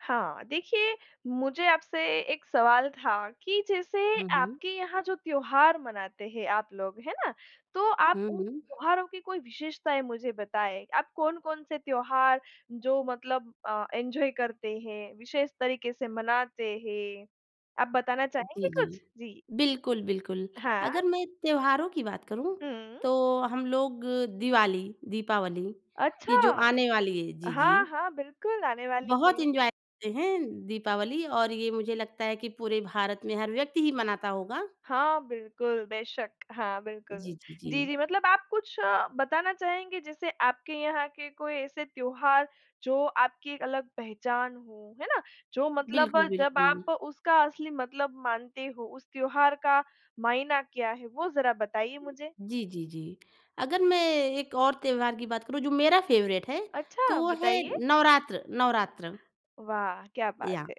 हाँ। देखिए, मुझे आपसे एक सवाल था कि जैसे हुँ, हुँ। आपके यहाँ जो त्योहार मनाते हैं आप लोग, है ना? तो आप हुँ, उन हुँ। त्योहारों की कोई विशेषताएँ मुझे बताएँ। आप कौन-कौन से त्योहार, जो मतलब अ, एन्जॉय करते हैं, विशेष तरीके से मनाते हैं, आप बताना जी, चाहेंगे जी। कुछ? जी। बिल्कुल, बिल्कुल। हाँ। अगर मैं त्योहारों की बात करूँ, हम्म। तो हम लोग दिवाली दीपावली, ये अच्छा! जो ओ आने वाली है। अ, जी, हाँ, जी। हाँ, बिल्कुल, आने वाली बहुत है। एन्जॉय करते हैं, दीपावली और ये मुझे लगता है कि पूरे भारत में हर व्यक्ति ही मनाता होगा। हाँ, बिल्कुल, बेशक। हाँ, बिल्कुल। जी, जी, जी, जी। जी मतलब आप कुछ अ, बताना चाहेंगे, जैसे आपके यहाँ के कोई ऐसे त्योहार, जो आपकी एक अलग पहचान हों, है ना? जो मतलब, बिल्कुल, जब बिल्कुल। आप उसका असली मतलब मानते हो, उस त्योहार का मायना क्या है? वो ज़रा बताइए मुझे। जी, जी, जी। अगर मैं एक और त्योहार की बात करूँ, जो मेरा फ़ेवरेट है, तो अच्छा! वो है, बताइए। नवरात्र, नवरात्र। वाह! क्या बात याह। है।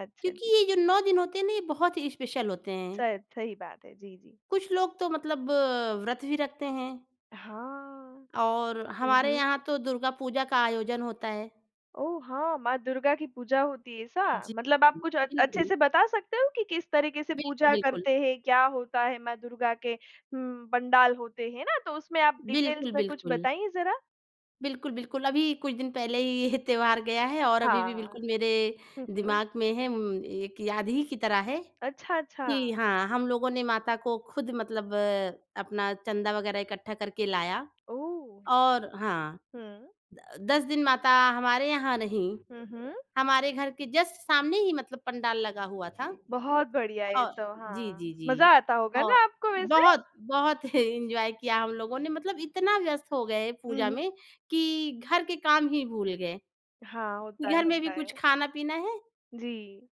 अच्छा जी। क्योंकि ये जो 9 दिन होते हैं ना, ये बहुत ही स्पेशल होते हैं। शायद, सही बात है, जी, जी। कुछ लोग तो मतलब अ, व्रत भी रखते हैं। हाँ, और हुँ, हमारे हुँ। यहाँ तो दुर्गा पूजा का आयोजन होता है। ओह! हाँ। माँ दुर्गा की पूजा होती है, ऐसा? जी। मतलब आप कुछ अ जी, अच्छे जी। से बता सकते हो कि किस तरीके से बिल्कुल, पूजा बिल्कुल। करते हैं, क्या होता है माँ दुर्गा के उँ, पंडाल होते हैं, हैं ना? तो उसमें आप डिटेल्स बिल्कुल, में कुछ बिल्कुल। बताइए ज़रा। बिल्कुल, बिल्कुल। अभी कुछ दिन पहले ही ये त्योहार गया है और अभी भी हाँ। बिल्कुल मेरे, हुँ, हुँ। दिमाग में है, म्म एक याद ही की तरह है। अच्छा, कि अच्छा। हाँ, हम लोगों ने माता को खुद मतलब अ, अपना चँदा वग़ैरह इकट्ठा करके लाया ओह! और हाँ। हुँ। द 10 दिन माता, हमारे यहाँ नहीं, हुँ, हुँ। हमारे घर के जस्ट सामने ही मतलब पंडाल लगा हुआ था। बहुत बढ़िया ये औ तो, जी, जी, हाँ, मज़ा जी। आता होगा औ ना आपको वैसे? बहुत, बहुत एन्जॉय किया हम लोगों ने, मतलब इतना व्यस्त हो गए, हुँ, पूजा हुँ। में कि घर के काम ही भूल गए, हाँ, होता कि है, घर में भी होता कुछ है। खाना-पीना है। जी।